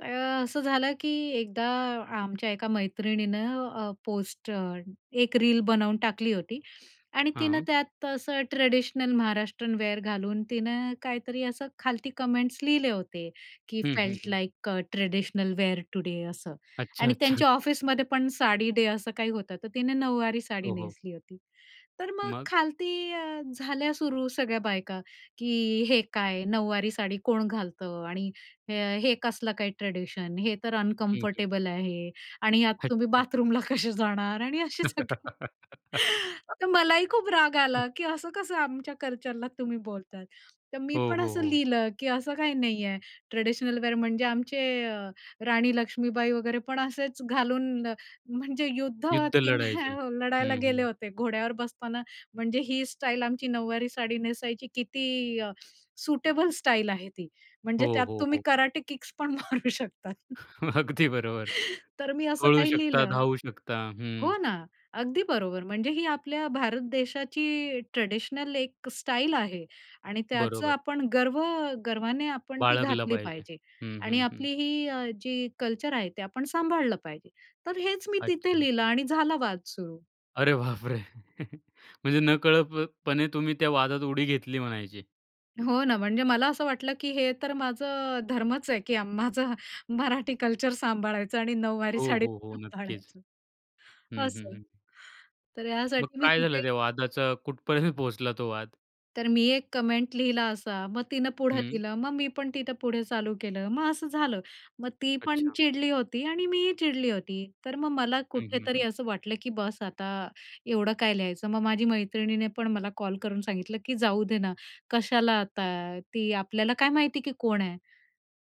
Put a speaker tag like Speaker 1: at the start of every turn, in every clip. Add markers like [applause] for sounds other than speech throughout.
Speaker 1: तर अ, असं झालं की एकदा आमच्या एका मैत्रिणीनं अ, पोस्ट अ, एक रील बनवून टाकली होती आणि तिनं
Speaker 2: हां.
Speaker 1: त्यात असं ट्रेडिशनल महाराष्ट्रीयन वेअर घालून तिनं काहीतरी असं खालती कमेंट्स लिहिले होते, की
Speaker 2: हं, hmm,
Speaker 1: felt
Speaker 2: hmm.
Speaker 1: Like uh traditional wear today असं.
Speaker 2: अच्छा,
Speaker 1: आणि
Speaker 2: अच्छा.
Speaker 1: त्यांच्या ऑफिसमध्ये पण साडी डे असं काही होतं, तर तिने नऊवारी साडी
Speaker 2: हो, हो.
Speaker 1: नेसली होती. तर मग
Speaker 2: मग.
Speaker 1: खालती अ, झाल्या सुरू सगळ्या बायका, की "हे काय, नऊवारी साडी कोण घालतं? आणि हे कसलं काय ट्रेडिशन? हे तर
Speaker 2: हं, हं.
Speaker 1: अनकम्फर्टेबल आहे आणि यात तुम्ही
Speaker 2: अच्छा.
Speaker 1: बाथरूमला कसे जाणार आणि असे सगळे." [chuckles] तर
Speaker 2: [laughs]
Speaker 1: मलाही खूप राग आला, की असं कसं आमच्या कल्चरला तुम्ही बोलताय. तर मी
Speaker 2: हो,
Speaker 1: पण
Speaker 2: हो,
Speaker 1: असं
Speaker 2: हो.
Speaker 1: लिहिलं, की असं काही नाहीये. ट्रेडिशनल वेअर म्हणजे आमचे अ, राणी लक्ष्मीबाई वगैरे पण असेच घालून म्हणजे युद्ध
Speaker 2: युद्ध लढायचे.
Speaker 1: [unintelligible] लढायला
Speaker 2: हं,
Speaker 1: गेले
Speaker 2: हं.
Speaker 1: होते. घोड्यावर बसताना म्हणजे ही स्टाईल आमची नऊवारी साडी नेसायची किती अ, सुटेबल स्टाईल आहे ती.
Speaker 2: हो,
Speaker 1: म्हणजे त्यात
Speaker 2: हो,
Speaker 1: तुम्ही
Speaker 2: हो.
Speaker 1: कराटे किक्स पण मारू शकतात. [chuckles]
Speaker 2: अगदी बरोबर.
Speaker 1: तर मी असं
Speaker 2: पळू
Speaker 1: काही
Speaker 2: शकता,
Speaker 1: लिहिलं.
Speaker 2: धावू शकता. हं.
Speaker 1: हो ना, अगदी बरोबर. म्हणजे ही आपल्या भारत देशाची ट्रेडिशनल एक स्टाईल आहे आणि त्याचं
Speaker 2: बरोबर.
Speaker 1: आपण गर्व गर्वाने आपण ती
Speaker 2: बाळगला
Speaker 1: घातली
Speaker 2: पाहिजे.
Speaker 1: पाहिजे
Speaker 2: हं,
Speaker 1: आणि
Speaker 2: हं, हं.
Speaker 1: आपली ही अ, जी कल्चर आहे ते आपण सांभाळलं पाहिजे. तर हेच मी तिथे
Speaker 2: अच्छा.
Speaker 1: लिहिलं आणि झाला वाद सुरू.
Speaker 2: अरे बाप रे! [chuckles] म्हणजे नकळतपणे तुम्ही त्या वादात उडी घेतली म्हणायची.
Speaker 1: हो ना, म्हणजे मला असं वाटलं, की हे तर माझं धर्मच आहे, की माझं मराठी कल्चर सांभाळायचं आणि नऊवारी
Speaker 2: हो,
Speaker 1: साडी
Speaker 2: हो, हो, नक्कीच.
Speaker 1: सांभाळायची.
Speaker 2: हं, हं,
Speaker 1: असं.
Speaker 2: हं.
Speaker 1: तर
Speaker 2: मग
Speaker 1: ह्यासाठी मी
Speaker 2: काय
Speaker 1: तिथे
Speaker 2: झालं त्या वादाचं? कुठपर्यंत पोहोचला तो वाद?
Speaker 1: तर मी एक कमेंट लिहिला असा. मग तिनं पुढं
Speaker 2: हं.
Speaker 1: लिहिलं. मग मी पण तिथं पुढे चालू केलं. मग असं झालं, मग ती पण
Speaker 2: अच्छा.
Speaker 1: चिडली होती आणि मीही चिडली होती. तर मग मला
Speaker 2: हं, हं,
Speaker 1: कुठेतरी
Speaker 2: हं.
Speaker 1: असं वाटलं, की बस, आता एवढं काय लिहायचं? मग माझी मैत्रिणीने पण मला कॉल करून सांगितलं, की जाऊ दे ना. कशाला आता? ती आपल्याला काय माहिती आहे, की कोण आहे?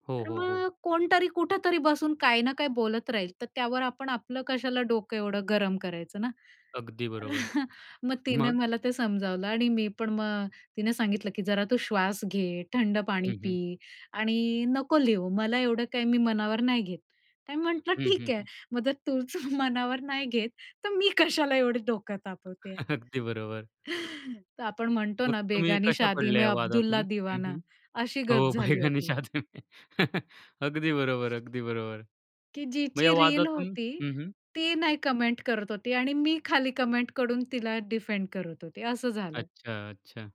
Speaker 2: हो,
Speaker 1: तर
Speaker 2: हो, हो.
Speaker 1: मग कोणतरी कुठेतरी बसून काही ना काही बोलत राहील, तर त्यावर आपण आपलं कशाला डोकं एवढं गरम करायचं ना?
Speaker 2: अगदी बरोबर.
Speaker 1: [chuckles] मग तिने
Speaker 2: मग?
Speaker 1: मला ते समजावलं आणि मी पण मग तिने सांगितलं, की जरा तू श्वास घे, थंड पाणी
Speaker 2: हं,
Speaker 1: पी
Speaker 2: हं.
Speaker 1: आणि नको लिहू. मला एवढं काही मनावर नाही घेत. आणि म्हटलं,
Speaker 2: हं, हं,
Speaker 1: "ठीक आहे
Speaker 2: हं.
Speaker 1: मग, जर तूच मनावर नाही घेत तर मी कशाला एवढे डोकं तापवते."
Speaker 2: अगदी बरोबर.
Speaker 1: [laughs] तर आपण म्हणतो
Speaker 2: मग
Speaker 1: ना,
Speaker 2: तुम्ही
Speaker 1: "बेगानी
Speaker 2: कशा
Speaker 1: शादी
Speaker 2: पडल्या
Speaker 1: में
Speaker 2: या वादातून?
Speaker 1: अब्दुल्ला
Speaker 2: हं,
Speaker 1: दीवाना,"
Speaker 2: हं.
Speaker 1: अशी गत
Speaker 2: हो,
Speaker 1: झाली
Speaker 2: बेगानी
Speaker 1: होती.
Speaker 2: शादी में [chuckles] अगदी बरोबर, अगदी बरोबर.
Speaker 1: की
Speaker 2: मग या
Speaker 1: जिची रील
Speaker 2: वादातून
Speaker 1: होती
Speaker 2: हं, हं.
Speaker 1: ती नाही कमेंट करत होती आणि मी खाली कमेंट करून तिला डिफेंड करत होती, असं झालं.
Speaker 2: अच्छा, अच्छा.